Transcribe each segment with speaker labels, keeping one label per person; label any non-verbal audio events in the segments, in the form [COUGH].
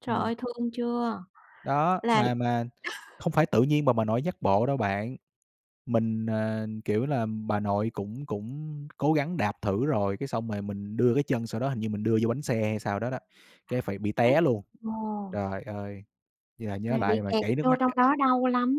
Speaker 1: Trời
Speaker 2: Ừm.
Speaker 1: ơi, thương chưa!
Speaker 2: Đó,
Speaker 1: Là
Speaker 2: mà mà không phải tự nhiên mà bà nội dắt bộ đâu bạn. Mình, ờ, kiểu là, bà nội cũng cũng cố gắng đạp thử rồi, cái xong rồi mình đưa cái chân sau đó hình như mình đưa vô bánh xe hay sao đó đó, cái phải bị
Speaker 1: [UNINTELLIGIBLE]
Speaker 2: té luôn.
Speaker 1: Ồ.
Speaker 2: Trời ơi, giờ
Speaker 1: Mà
Speaker 2: nhớ
Speaker 1: bị
Speaker 2: lại mà
Speaker 1: kẹt
Speaker 2: chảy nước
Speaker 1: vô
Speaker 2: mắt
Speaker 1: trong
Speaker 2: á.
Speaker 1: đó đau lắm.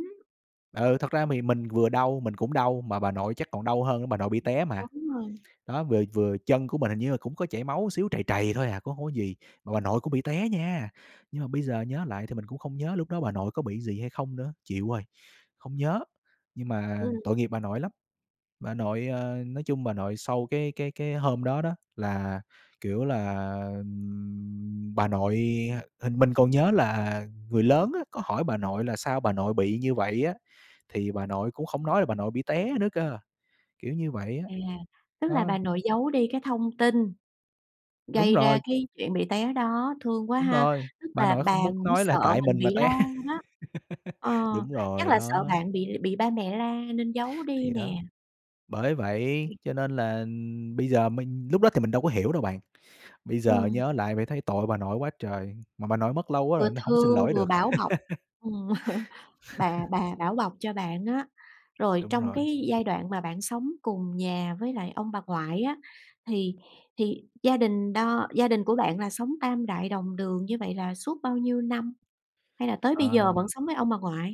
Speaker 2: Ừ. Thật ra thì mình vừa đau, mình cũng đau mà bà nội chắc còn đau hơn á, bà nội bị té mà.
Speaker 1: Đúng rồi.
Speaker 2: Đó, vừa vừa chân của mình hình như là cũng có chảy máu xíu, trầy trầy thôi à, cũng hông có gì, mà bà nội cũng bị té nha. Nhưng mà bây giờ nhớ lại thì mình cũng không nhớ lúc đó bà nội có bị gì hay không nữa, chịu rồi, không nhớ. Nhưng mà
Speaker 1: Ừm.
Speaker 2: tội nghiệp bà nội lắm. Bà nội, ơ, nói chung bà nội sau cái cái cái hôm đó đó, là, kiểu là, ừm, bà nội hình mình còn nhớ là người lớn á, có hỏi bà nội là sao bà nội bị như vậy á? Thì bà nội cũng không nói là bà nội bị té nữa cơ, kiểu như vậy á.
Speaker 1: À, tức là
Speaker 2: Đó.
Speaker 1: bà nội giấu đi cái thông tin
Speaker 2: Đúng
Speaker 1: gây ra
Speaker 2: rồi.
Speaker 1: cái chuyện bị té đó, thương quá
Speaker 2: Đúng
Speaker 1: ha.
Speaker 2: rồi,
Speaker 1: Tức
Speaker 2: bà
Speaker 1: là
Speaker 2: nội
Speaker 1: bà
Speaker 2: không muốn
Speaker 1: cũng
Speaker 2: nói là
Speaker 1: sợ
Speaker 2: tại
Speaker 1: mình
Speaker 2: mình mà
Speaker 1: bị la
Speaker 2: té.
Speaker 1: đó. Ờ,
Speaker 2: [LAUGHS] Đúng
Speaker 1: chắc
Speaker 2: rồi,
Speaker 1: là sợ
Speaker 2: đó.
Speaker 1: bạn bị bị ba mẹ la nên giấu đi
Speaker 2: Thì đó.
Speaker 1: nè.
Speaker 2: Bởi vậy
Speaker 1: Ừm.
Speaker 2: cho nên là, ừm, bây giờ mình lúc đó thì mình đâu có hiểu đâu bạn, bây giờ
Speaker 1: Ừm.
Speaker 2: nhớ lại vậy thấy tội bà nội quá trời. Mà bà nội mất lâu quá
Speaker 1: Vừa
Speaker 2: rồi nên hổng xin
Speaker 1: thương
Speaker 2: lỗi
Speaker 1: vừa
Speaker 2: được.
Speaker 1: bảo bọc. Ừm, [CHUCKLES] bà
Speaker 2: [LAUGHS]
Speaker 1: bà bảo bọc cho bạn á. Rồi
Speaker 2: Đúng
Speaker 1: trong
Speaker 2: rồi.
Speaker 1: cái giai đoạn mà bạn sống cùng nhà với lại ông bà ngoại á, thì thì gia đình đo gia đình của bạn là sống tam đại đồng đường như vậy là suốt bao nhiêu năm? Hay là tới bây giờ
Speaker 2: Ờ.
Speaker 1: vẫn sống với ông bà ngoại?